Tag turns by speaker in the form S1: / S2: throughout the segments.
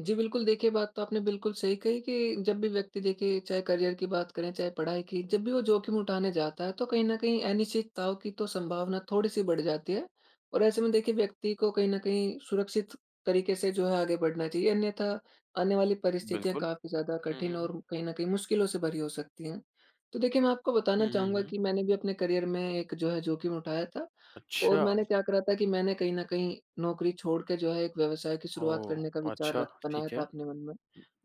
S1: जी, बिल्कुल। देखिए बात तो आपने बिल्कुल सही कही कि जब भी व्यक्ति देखिए चाहे करियर की बात करें चाहे पढ़ाई की जब भी वो जोखिम उठाने जाता है तो कहीं न कहीं अनिश्चितताओं की तो संभावना थोड़ी-सी बढ़ जाती है। और ऐसे में देखिए व्यक्ति को कहीं न कहीं सुरक्षित तरीके से जो है आगे बढ़ना चाहिए अन्यथा आने वाली परिस्थितियाँ
S2: बिल्कुल।
S1: काफ़ी ज़्यादा
S2: हुँ,
S1: कठिन
S2: हुँ, हुँ।
S1: और कहीं न कहीं मुश्किलों से भरी हो सकती हैं। तो देखिए मैं आपको
S2: हुँ,
S1: बताना
S2: हुँ,
S1: चाहूँगा
S2: हुँ।
S1: कि मैंने भी अपने करियर में एक जो है जोखिम उठाया था। और
S2: अच्छा।
S1: मैंने क्या करा था कि मैंने कहीं न कहीं नौकरी छोड़ के जो है एक व्यवसाय की शुरुआत करने का
S2: ओह,
S1: विचार
S2: अच्छा।
S1: रख बनाया
S2: ठीक
S1: था
S2: है।
S1: अपने मन में।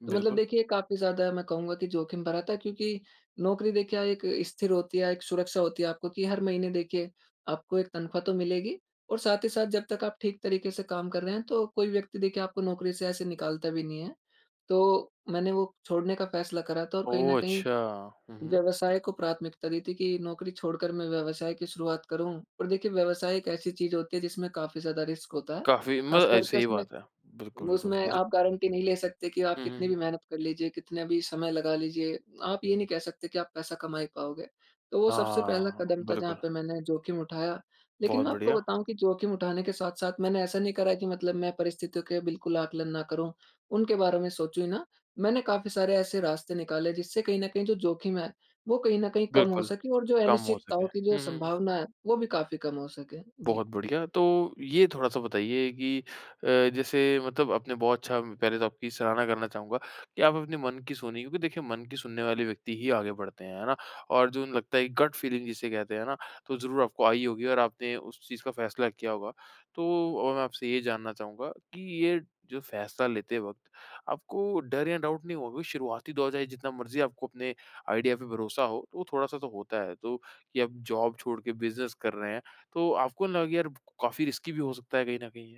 S1: तो मतलब
S2: बिल्कुल।
S1: देखिए काफ़ी ज़्यादा मैं कहूँगा कि जोखिम भरा था क्योंकि नौकरी देखिए क्या एक स्थिर होती है, एक सुरक्षा होती है आपको, कि हर महीने देखिए आपको एक तनख्वाह तो मिलेगी। और साथ ही साथ जब तक आप ठीक तरीके से काम कर रहे हैं तो कोई व्यक्ति देखिए आपको नौकरी से ऐसे निकालता भी नहीं है। तो मैंने वो छोड़ने का फैसला करा था तो कहीं न
S2: ओह
S1: कहीं
S2: अच्छा। हुँ, हुँ।
S1: व्यवसाय को प्राथमिकता दी थी कि नौकरी छोड़कर मैं व्यवसाय की शुरुआत करूँ। और देखिए व्यवसाय एक ऐसी चीज़ होती है जिसमें काफ़ी ज़्यादा रिस्क होता है।
S2: काफ़ी म
S1: खास
S2: अ,
S1: करके
S2: सही
S1: उसमें,
S2: बात है। बिल्कुल, बिल्कुल।
S1: उसमें
S2: जी, जी।
S1: आप गारंटी नहीं ले सकते कि आप
S2: हुँ, हुँ,
S1: कितनी
S2: हुँ।
S1: भी मेहनत कर लीजिए, कितने भी समय लगा लीजिए, आप ये नहीं कह सकते कि आप पैसा कमा ही पाओगे। तो वो सबसे पहला
S2: हाँ,
S1: कदम था जहाँ
S2: बिल्कुल।
S1: पे मैंने जोखिम उठाया। लेकिन
S2: बहुत
S1: मैं आपको
S2: बढ़िया।
S1: बताऊँ कि जोखिम उठाने के साथ-साथ मैंने ऐसा नहीं करा है कि मतलब मैं परिस्थितियों के बिल्कुल आकलन ना करूँ, उनके बारे में सोचूँ ही ना। मैंने काफ़ी सारे ऐसे रास्ते निकाले जिससे कहीं न कहीं जो जोखिम है वो कहीं न कहीं कम हो
S2: बिल्कुल,
S1: सके और जो
S2: कम हो सके।
S1: अनिश्चितताओं की जो
S2: हुँ, हुँ, हुँ।
S1: संभावना है वो भी काफ़ी कम हो सके। जी।
S2: बहुत बढ़िया। तो ये थोड़ा-सा बताइए कि अ, जैसे मतलब आपने बहुत अच्छा पहले तो आपकी सराहना करना चाहूँगा कि आप अपने मन की सुनी। क्योंकि देखिए मन की सुनने वाले व्यक्ति ही आगे बढ़ते हैं, है ना। और जुन लगता है कि गट फीलिंग जिसे कहते हैं ना तो ज़रूर आपको आई होगी और आपने उस चीज़ का फैसला किया होगा। तो अ, मैं आपसे ये जानना चाहूँगा कि ये फैसला लेते वक़्त आपको डर या डाउट नहीं हुआ? क्यूँकि शुरुआती दौर है जितना मर्ज़ी आपको अपने आइडिया पे भरोसा हो तो थोड़ा-सा तो होता है। तो कि अब जॉब छोड़ के बिज़नेस कर रहे हैं तो आपको ना यार काफ़ी रिसकी भी हो सकता है कहीं न कहीं ये?